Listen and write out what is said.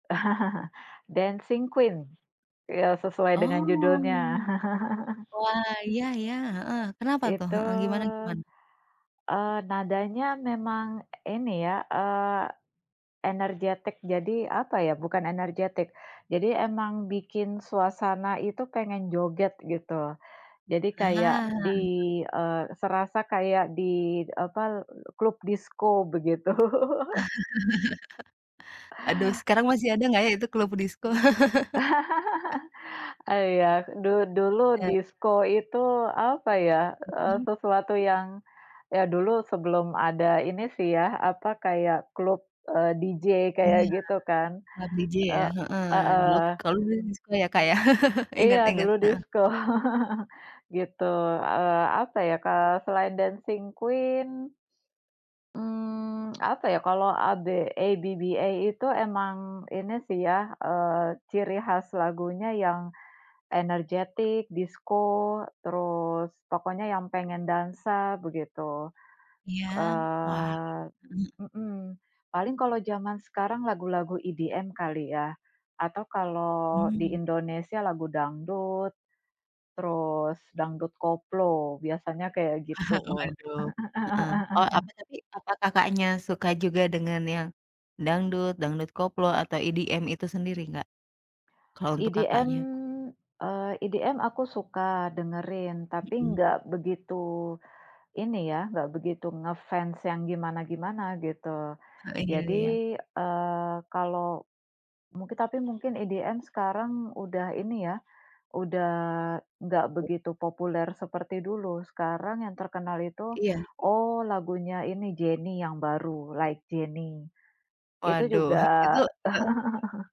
Dancing Queen. Iya, sesuai dengan judulnya. Oh. Wah, iya iya, heeh, kenapa tuh? Itu, Heeh, gimana gimana? eee, nadanya memang ini ya, eee, energetik. Jadi apa ya, bukan energetik. Jadi emang bikin suasana itu pengen joget gitu. Jadi kayak Ah. di, eee, serasa kayak di apa, l klub disko begitu. Aduh, sekarang masih ada nggak ya itu klub disko? Iya. Du Masih dulu muda. disko itu apa ya, eee, Mhm. sesuatu yang ya dulu sebelum ada ini sih ya, apa kayak klub, eee, DJ, Iya. kayak gitu kan? Klub DJ E ya? Heeh. Dulu heeh. kalau dulu disko ya, Kak, ya, inget Iya, inget, dulu heeh. disko, gitu. Eee, apa ya, ke selain Dancing Queen, mmm, apa ya, kalau AB ABBA itu emang ini sih ya, eee, ciri khas lagunya yang energetik, disko, terus pokoknya yang pengen dansa, begitu. Iya, wah, Eee mmm. mhm, paling kalau jaman sekarang lagu-lagu EDM kali ya? Atau kalau di Mmm. Indonesia lagu dangdut, terus dangdut koplo, biasanya kayak gitu. Waduh, heeh. Oh, apa tadi, apa Kakaknya suka juga dengan yang dangdut, dangdut koplo atau EDM itu sendiri nggak? Kalau untuk EDM, Kakaknya. eee, EDM, aku suka dengerin, tapi Mhm. nggak begitu ini ya nggak begitu nge-fans yang gimana-gimana gitu. Heeh, iya iya. Jadi, eee, kalau, mungkin tapi mungkin EDM sekarang udah ini ya, udah nggak begitu populer seperti dulu. Sekarang yang terkenal itu, Iya. oh, lagunya ini Jennie yang baru, "Like JENNIE." Itu Waduh. juga Itu heeh.